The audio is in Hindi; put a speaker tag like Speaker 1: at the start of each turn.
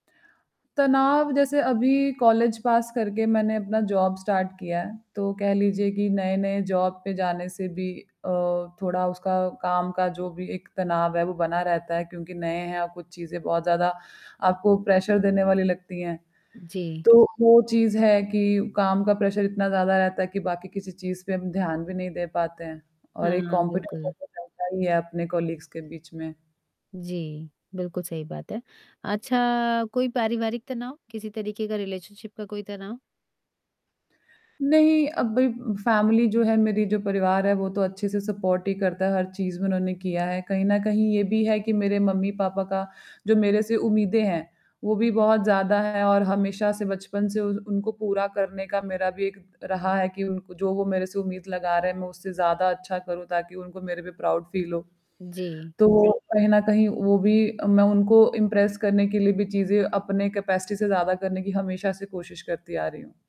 Speaker 1: तनाव जैसे अभी कॉलेज पास करके मैंने अपना जॉब स्टार्ट किया है। तो कह लीजिए कि नए-नए जॉब पे जाने से भी अ, थोड़ा उसका काम का जो भी एक तनाव है, वो बना रहता है क्योंकि नए हैं आपको चीज़ें बहुत ज़्यादा आपको प्रेशर देने वाली लगती हैं।
Speaker 2: जी।
Speaker 1: तो वो चीज़ है कि काम का प्रेशर इतना ज़्यादा रहता है कि बाकी किसी चीज़ पे हम ध्यान भी नहीं दे पाते हैं। और एक
Speaker 2: हाँ,
Speaker 1: कॉम्पिटिट
Speaker 2: बिल्कुल।
Speaker 1: सही है अपने कॉलीग्स के बीच में।
Speaker 2: जी, बिल्कुल सही बात है। अच्छा कोई पारिवारिक तनाव, किसी तरीके का रिलेशनशिप का कोई तनाव?
Speaker 1: नहीं अब भई फैमिली जो है मेरी जो परिवार है, वो तो अच्छे से सपोर्ट ही करता है हर चीज़ में उन्होंने किया है। कहीं ना कहीं ये भी है कि मेरे मम्मी-पापा का जो मेरे से उम्मीदें हैं, वो भी बहुत ज़्यादा है और हमेशा से बचपन से उनको पूरा करने का मेरा भी एक रहा है कि उनको जो वो मेरे से उम्मीद लगा रहे हैं, मैं उससे ज़्यादा अच्छा करूँ ताकि उनको मेरे पे प्राउड फील हो।
Speaker 2: जी।
Speaker 1: तो कहीं न कहीं वो भी मैं उनको इम्प्रेस करने के लिए भी चीज़ें अपने कैपेसिटी से ज़्यादा करने की हमेशा से कोशिश करती आ रही हूँ।